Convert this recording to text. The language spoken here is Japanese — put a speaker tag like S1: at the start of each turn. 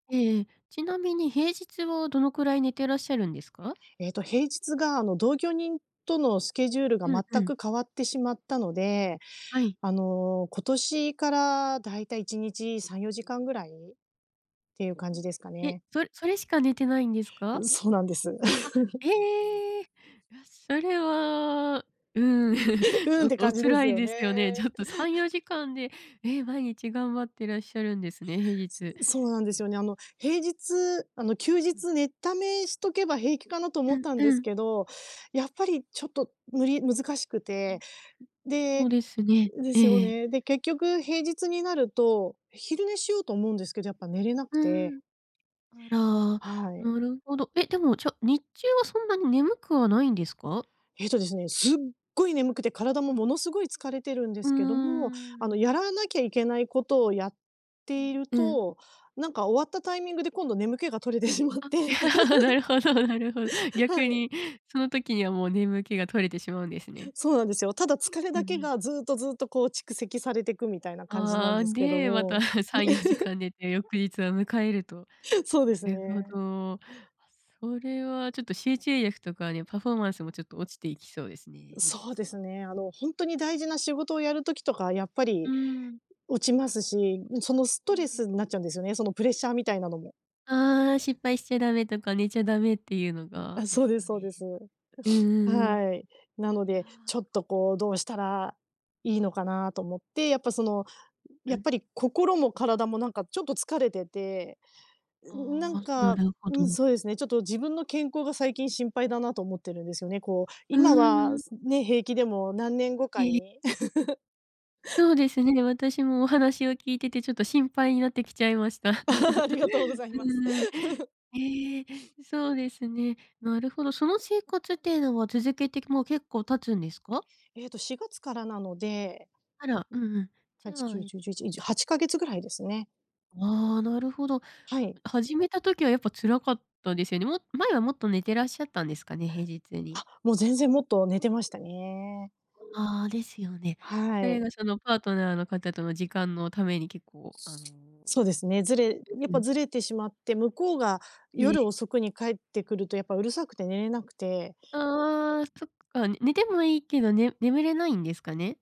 S1: ええええ、ちなみに平日はどのくらい寝てらっしゃるんですか？
S2: えっと、平日が、あの、同居人とのスケジュールが
S1: うんう
S2: 全
S1: ん。
S2: く変わってしまったので、
S1: はい。
S2: あの、今年からだいたい1日3、4時間ぐらいっていう感じですか
S1: え？
S2: ね。
S1: それそれしか寝てないんです
S2: う
S1: か？
S2: ん、そうなんです。
S1: あ、え え。よしそれは、うーん、
S2: う
S1: ち
S2: ーん
S1: ょ
S2: っ
S1: っ、
S2: て
S1: お
S2: 感じで
S1: 辛
S2: す
S1: い
S2: よ
S1: ですよね。ち
S2: ね。
S1: ょっと3、4時間で、ええ、毎日頑張ってらっしゃるんですね、平日。
S2: そうなんですよね。あの、平日あの、休
S1: うん。
S2: 日寝ためしとけば平気かなと思
S1: う
S2: っ
S1: ん、
S2: たんで
S1: う
S2: す
S1: ん。
S2: けど、やっぱりちょっと無理難しく
S1: ん。
S2: て、ん、で、
S1: そうですね、
S2: ん、で
S1: ええ
S2: す
S1: え
S2: よ
S1: え。
S2: ね。で、結局平日になると、昼寝しようと思うんですけど、やっぱ寝れなく
S1: うー
S2: て
S1: ん。あら、
S2: はい。
S1: なるほど。え、でも、じゃ、日中はそんなに眠くはないんですか？
S2: ええとですね、すっごい眠くて体もものすごい疲れてるんで
S1: うー
S2: すけども、あの、
S1: ん。
S2: やらなきゃいけないことをやっ
S1: ん、
S2: ている
S1: うん。
S2: と、なんか終わったタイミングで今度眠気が取れてしまっ
S1: あ、
S2: て
S1: なるほどなるほど。
S2: は
S1: 逆
S2: い。
S1: にその時にはもう眠気が取れてしまうんですね。
S2: そうなんですよ、ただ疲れ
S1: うんう
S2: だけ
S1: ん。
S2: がずっとずっとこう蓄積されてくみたいな感じな
S1: あ
S2: ん
S1: あ、
S2: ですけど
S1: で、また、
S2: も。
S1: さんよじか ん寝て翌日を迎えると。
S2: そう
S1: な
S2: です
S1: るほ
S2: ね。
S1: ど。それはちょっと集中力とかにパフォーマンスもちょっと落ちていきそうですね、平
S2: そう
S1: 日
S2: です
S1: は。
S2: ね、あの、ほんとに大事な仕事をやる時とかやっぱ
S1: う
S2: り
S1: ーん。
S2: 落ちますし、ん、その、ス
S1: う
S2: ト
S1: ん、
S2: レ
S1: う。
S2: スになっちゃうんですよね、そのプレッシャーみたいなのも。
S1: ああ、失敗しちゃダメとか寝ちゃダメっていうのが、
S2: あ、
S1: で
S2: そう
S1: す
S2: で
S1: か
S2: すそう
S1: ね。
S2: です。
S1: うんう んうん。
S2: はい。なの
S1: いや
S2: で、ちょっとこうどうしたらいいのかなと思って、やっぱその、ん、
S1: う
S2: やっ
S1: ん。
S2: ぱり心も体もなんかちょっと疲れてて、んん、なん
S1: ああ、な
S2: か、
S1: るほ
S2: うん、
S1: ど。
S2: そうですね、ちょっと自分の健康が最近心配だなと思ってるんですよね、こう、
S1: うー
S2: 今は、
S1: ん。
S2: すね、平気でも何年後
S1: え
S2: か
S1: え。
S2: に。
S1: そうですね、私もお話を聞いててちょっと心配になってきちゃいました。
S2: ありがとうご ざい
S1: う
S2: ます。
S1: んうん。ええ、そうですね、なるほど。その生活っていうのは続けてもう結構経つんですか？
S2: ええと4月からなので
S1: あら、うんうん。じ
S2: はち
S1: ゃ
S2: き
S1: あ、
S2: ゅう
S1: えっ
S2: じゅうじゅういち、
S1: と
S2: にじゅ8か月ぐらいですね。
S1: ああ、なるほど。
S2: はい。
S1: 始めた時はやっぱ辛かったですよね。も前はもっと寝てらっしゃったんですかね？平日に。
S2: あ、もう全然もっと寝てましたね。
S1: ああ、ですよね。
S2: は
S1: それ
S2: い。
S1: がそのパートナーの方との時間のために結構、あの
S2: そうですね、ずれやっ
S1: う
S2: ぱ
S1: ん。
S2: ずれてしまって、向こうが
S1: え
S2: 夜
S1: え。
S2: 遅くに帰ってくるとやっぱうるさくて寝れなくて
S1: ああ、そっか、ね寝てもいいけど、ね眠れないんですかね？